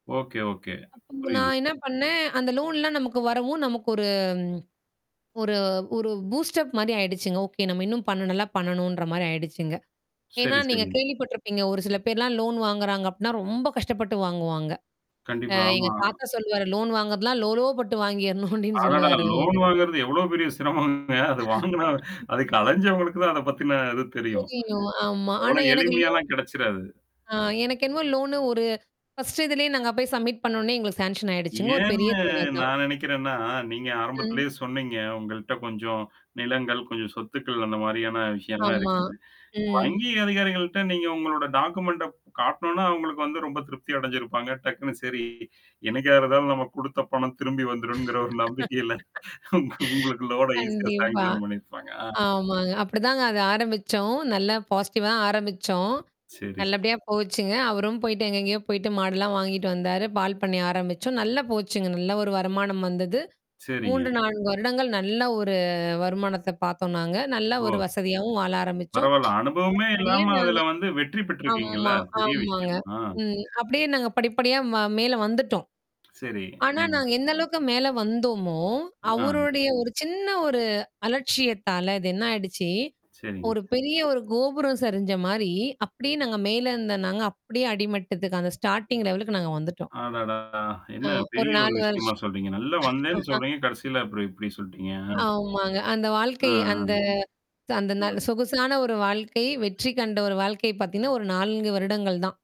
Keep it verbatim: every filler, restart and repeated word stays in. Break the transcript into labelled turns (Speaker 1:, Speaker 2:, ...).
Speaker 1: Okay, okay.
Speaker 2: அப்ப
Speaker 1: புரியுங்.
Speaker 2: நான் என்ன பண்ணேன், அந்த லோன்லாம் நமக்கு வரவும். நமக்கு ஒரு ஒரு ஒரு பூஸ்டப் மாரி ஆயிடுச்சுங்க. ஓகே, நம்ம இன்னும் பண்ண நல்லா பண்ணணுன்ற மாரி ஆயிடுச்சுங்க. ஏன்னா,
Speaker 1: சரி,
Speaker 2: நீங்க
Speaker 1: சரி.
Speaker 2: கேள்விப்பட்டருப்பீங்க. ஒரு சில பேர்லாம் லோன் வாங்குறாங்க அப்டின்னா ரொம்ப கஷ்டப்பட்டு வாங்குவாங்க. அ
Speaker 1: கண்டிப்பா.
Speaker 2: எங்க
Speaker 1: ஆமா.
Speaker 2: தாத்தா சொல்லுவாரு. லோன் வாங்குறதலாம் லோலோ பட்டு வாங்கிறணும் அப்ப்டின்னு
Speaker 1: அடடா!
Speaker 2: சொல்லுவாரு
Speaker 1: லோன்
Speaker 2: அவரு
Speaker 1: வாங்கறது எவ்வளோ பெரிய சிரமங்க. அது வாங்குனா அதுக்கு அழஞ்சவங்களுக்கு தான் அத பத்தின இது தெரியும்.
Speaker 2: தெரியம், ஆமா.
Speaker 1: அவ்ளோ
Speaker 2: ஆனா எனக்கு லோன்.
Speaker 1: எளிமையாலாம் கிடைச்சிராது.
Speaker 2: ஆ எனக்கு என்னமோ லோனு ஒரு ஃபர்ஸ்ட் இதுலேயே நாங்க போய் சப்மிட் பண்ணோனே எங்களுக்கு சேங்ஷன் ஆயிடுச்சுங்க ஒரு பெரிய
Speaker 1: ஏன்னு
Speaker 2: தொகை தான்.
Speaker 1: நான் நெனைக்கிறேன்னா, நீங்க
Speaker 2: ம்.
Speaker 1: ஆரம்பத்திலேயே சொன்னீங்க. உங்கள்ட்ட கொஞ்சம் நிலங்கள், கொஞ்சம் சொத்துக்கள் அந்த மாரியான விஷயம்லாம்
Speaker 2: ஆமா,
Speaker 1: இருக்குது.
Speaker 2: ம்.
Speaker 1: வங்கி அதிகாரிகள்ட்ட நீங்க உங்களோட டாக்குமெண்ட காட்டனோனா, அவங்களுக்கு வந்து ரொம்ப திருப்தி அடைஞ்சிருப்பாங்க. டக்குனு சரி என்னைக்கா இருந்தாலு நம்ம குடுத்த பணம் திரும்பி வந்துரும்ங்கிற ஒரு நம்பிக்கையில. உங்க உங்களுக்கு லோனா ஈஸியா
Speaker 2: கண்டிப்பா.
Speaker 1: செலக்க்ஷன் பண்ணியிருப்பாங்க. ஆ.
Speaker 2: ஆமாங்க. அப்படிதாங்க அது ஆரம்பிச்சோம். நல்ல பாசிட்டிவ் -வா ஆரம்பிச்சோம்.
Speaker 1: செரி.
Speaker 2: நல்லபடியா போச்சுங்க. அவரும் போயிட்டு எங்கெங்கேயோ போயிட்டு மாடல்லாம் வாங்கிட்டு வந்தாரு. பால் பண்ணை ஆரம்பிச்சோம். நல்லா போச்சுங்க. நல்ல ஒரு வருமானம் வந்தது.
Speaker 1: செரிங்க.
Speaker 2: மூன்று நான்கு வருடங்கள் நல்ல ஒரு வருமானத்த பாத்தோம் நாங்க. நல்ல ஒரு
Speaker 1: ஓ!
Speaker 2: வசதியாவும் வாழ ஆரம்பிச்சோம்.
Speaker 1: பரவால்ல. அனுபவமே
Speaker 2: படிப்படியே
Speaker 1: இல்லாம
Speaker 2: நாங்க.
Speaker 1: அதுல வந்து வெற்றி பெற்றிருக்கீங்கல்ல?
Speaker 2: ஆமா,
Speaker 1: பெரிய
Speaker 2: ஆமாங்க.
Speaker 1: விஷயம். ஆ.
Speaker 2: ம் அப்படியே நாங்க படிப்படியா மேல வந்துட்டோம்.
Speaker 1: செரி.
Speaker 2: ஆனா,
Speaker 1: ம்.
Speaker 2: நாங்க எந்த அளவுக்கு மேல வந்தோமோ,
Speaker 1: ஆ.
Speaker 2: அவருடைய ஒரு சின்ன ஒரு அலட்சியத்தால இது என்ன ஆயிடுச்சு?
Speaker 1: செரிங்க.
Speaker 2: ஒரு பெரிய ஒரு கோபுரம் சரிஞ்ச மாரி அப்படியே நாங்க மேல இருந்தோம் நாங்க அப்படியே அடிமட்டத்துக்கு அந்த ஸ்டார்டிங் லெவலுக்கு நாங்க வந்துட்டோம்.
Speaker 1: அடடா! என்ன,
Speaker 2: அ ஒரு
Speaker 1: பெரிய ஒரு
Speaker 2: நாலு
Speaker 1: விஷயமா
Speaker 2: வருஷம்.
Speaker 1: சொல்றீங்க? நல்லா வந்தேன்னு சொல்றீங்க? கடைசில அப்புறம் இப்படி சொல்ட்டீங்க?
Speaker 2: ஆமாங்க. அந்த
Speaker 1: ஆ,
Speaker 2: வாழ்க்கை
Speaker 1: ஆ.
Speaker 2: அந்த ச அந்த நான்
Speaker 1: ம்.
Speaker 2: சொகுசான ஒரு வாழ்க்கை, வெற்றி கண்ட ஒரு வாழ்க்கை பாத்தீங்கன்னா, ஒரு நான்கு வருடங்கள் தான்.